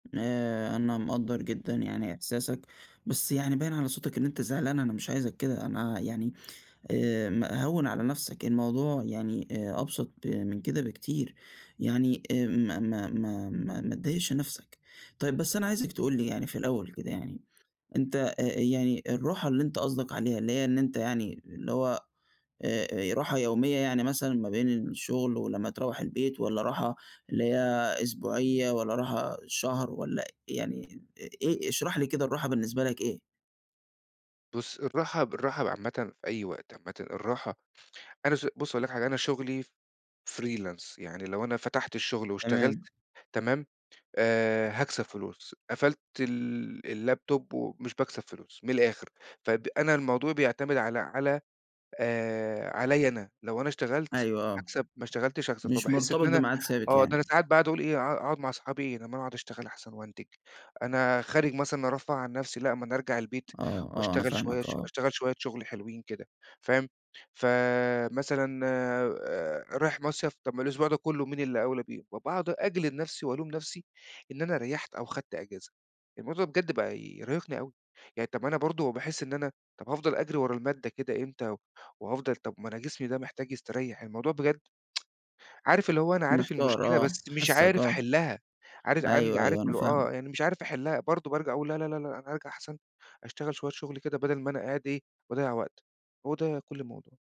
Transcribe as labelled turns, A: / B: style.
A: آآ، أنا مقدّر جدًا يعني إحساسك، بس يعني باين على صوتك إن أنت زعلان أنا مش عايزك كده، أنا يعني آآ، م هوّن على نفسك الموضوع يعني آآ، أبسط ب من كده بكتير يعني آمم، ما ما ما ما ما تضايقش نفسك، طيب بس أنا عايزك تقول لي يعني في الأول كده يعني أنت آآ، آآ، يعني الراحة اللي أنت قصدك عليها اللي هي إن أنت يعني اللي هو آآ، آآ، راحة يومية يعني مثلًا ما بين الشغل ولمّا تروّح البيت، والّا راحة اللي هي أسبوعية، والّا راحة شهر والّا أ يعني أ إيه؟ اشرح لي كده الراحة بالنسبة لك إيه.
B: بُص، الراحة ب الراحة ب عامةً في أي وقت، عامةً الراحة أنا ش بُص هاقول لك حاجة أنا شغلي freelance يعني لو أنا فتحت الشغل واشتغلت
A: تمام.
B: تمام؟ آآ، هاكسب فلوس قفلت ال اللابتوب و مش باكسب فلوس من الآخر فب أنا الموضوع بيعتمد على على آآ، عليّا أنا لو أنا اشتغلت
A: أيوه آه،
B: هاكسب ما اشتغلتش هاخسر
A: مش
B: فباحس إن
A: مرتبط
B: أنا
A: بميعاد ثابت
B: آه، ده أنا
A: يعني.
B: ساعات باقعُد اقول إيه ها هاقعُد مع اصحابي إيه طب ما أنا اقعُد اشتغل احسن وانتج، أنا خارج مثلًا أرفّه عن نفسي لأ ما أنا ارجع البيت
A: آه، آه، أنا
B: واشتغل شوية
A: فاهماك،
B: اش
A: آه.
B: اشتغل شوية شغل حلوين كده فاهم؟ فمثلًا آآ، رايح مَصيف طب ما الأسبوع ده كلّه مين اللي أولى بيه وباقعُد أجلد نفسي والوم نفسي إن أنا ريّحت أو خدت إجازة، الموضوع بجد بقى يرهقني أوي يعني طب ما أنا برضه باحس إن أنا طب هافضل اجري ورا المادة كده إمتى و وهافضل طب ما أنا جسمي ده محتاج يستريّح الموضوع بجد عارف اللي هو أنا عارف
A: محتار
B: المشكلة
A: آه،
B: بس مش
A: حاسّك
B: عارف
A: آه،
B: احلّها، عارز عندي
A: أيوه،
B: عارف
A: أيوه، أنا
B: اللي هو آه،
A: فاهمك.
B: يعني مش عارف احلّها برضه بارجع اقول لا، لا، لا، لأ أنا هارجع احسن أشتغل شوية شغل كده بدل ما أنا قاعد إيه باضيّع وقت. هو ده كل الموضوع.